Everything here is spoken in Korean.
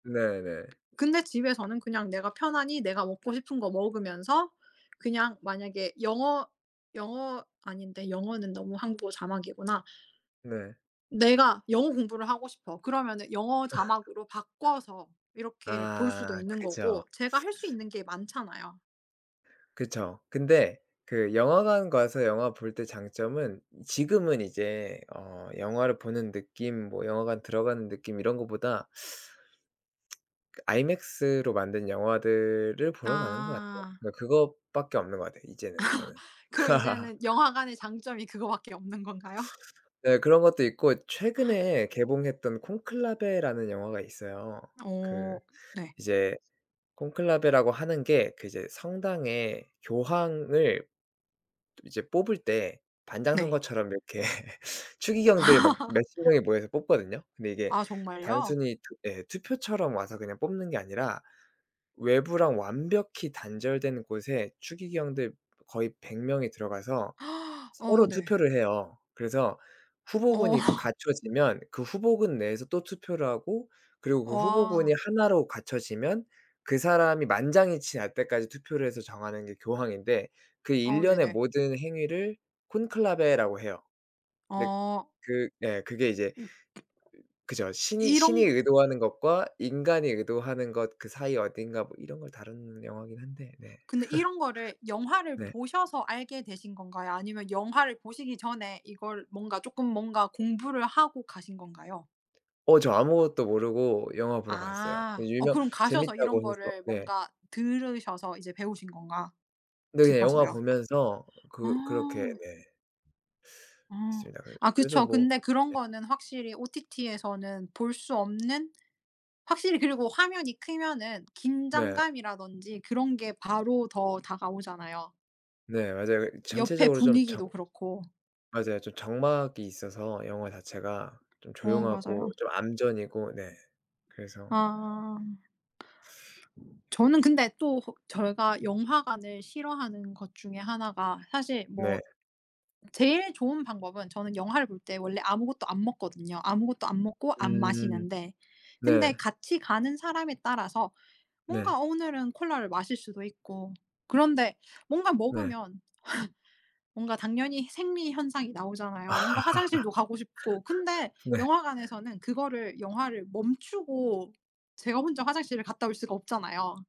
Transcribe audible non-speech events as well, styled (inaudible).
네 네. 근데 집에서는 그냥 내가 편안히 내가 먹고 싶은 거 먹으면서 그냥 만약에 영어 영어 아닌데 영어는 너무 한국어 자막이구나. 네. 내가 영어 공부를 하고 싶어. 그러면은 영어 (laughs) 자막으로 바꿔서 이렇게 볼 수도 아 있는 거고 그죠. 제가 할 수 있는 게 많잖아요. 그쵸. 근데 그 영화관 가서 영화 볼 때 장점은 지금은 이제 어 영화를 보는 느낌 뭐 영화관 들어가는 느낌 이런 것보다 그 아이맥스로 만든 영화들을 보러 가는 거 같아요. 아. 뭐 그것밖에 없는 거 같아요 이제는 저는. (laughs) 그럼 (laughs) 이제는 영화관의 장점이 그거밖에 없는 건가요? 네. 그런 것도 있고 최근에 (gasps) 개봉했던 콘클라베라는 영화가 있어요. 그 어. 네. 이제 콘클라베라고 하는 게 그 이제 성당에 교황을 이제 뽑을 때 반장 네. 선거처럼 이렇게 추기경들 막 (laughs) 몇십 명이 모여서 뽑거든요. 근데 이게 아 정말요? 단순히 예. 투표처럼 와서 그냥 뽑는 게 아니라 외부랑 완벽히 단절된 곳에 추기경들 거의 100 명이 들어가서 (gasps) 어 서로 네. 투표를 해요. 그래서 어. 후보군이 (laughs) 갖춰지면 그 후보군 내에서 또 투표를 하고 그리고 그 후보군이 와. 하나로 갖춰지면 그 사람이 만장일치 날 때까지 투표를 해서 정하는 게 교황인데 그 어 일련의 네네. 모든 행위를 콘클라베라고 해요. 근데 어. 그 예 그게 이제 음. 그죠. 신이 이런 신이 으 의도하는 것과 인간이 의도하는 것 그 사이 어딘가 뭐 이런 걸 다루는 영화긴 한데 네. 근데 (laughs) 이런 거를 영화를 네. 보셔서 알게 되신 건가요 아니면 영화를 보시기 전에 이걸 뭔가 쪼끔 뭔가 공부를 하고 가신 건가요? 어 저 아무것도 모르고 영화 보러 갔어요. 어 아. 어 유명 그럼 가셔서 재밌다고 이런 해서. 거를 네. 뭔가 들으셔서 이제 배우신 건가 네예 영화 싶어서요. 보면서 그 그렇게 아. 네. (unintelligible) 아. 그래 아 그래서 그쵸. 뭐 근데 그런 네. 거는 확실히 OTT에서는 볼 수 없는 확실히 그리고 화면이 크면은 네. 긴장감이라든지 그런 게 바로 더 다가오잖아요. 네 맞아요. 여 옆에 전체적으로 좀 적 분위기도 그렇고. 맞아요 좀 적막이 있어서 영화 자체가 좀 어 조용하고 맞아요. 좀 암전이고 네. 그래서 아. 저는 근데 또 저희가 영화관을 싫어하는 것 중에 하나가 사실 네. 뭐 제일 좋은 방법은 저는 영화를 볼 때 원래 아무것도 안 먹거든요. 아무것도 안 먹고 안 음. 마시는데 네. 근데 같이 가는 사람에 따라서 네. 뭔가 오늘은 콜라를 마실 수도 있고 그런데 뭔가 네. 먹으면 (laughs) 뭔가 당연히 생리 현상이 나오잖아요 뭔가 화장실도 가고 싶고. 근데 (laughs) 네. 영화관에서는 그거를 영화를 멈추고 제가 혼자 화장실을 갔다 올 수가 없잖아요.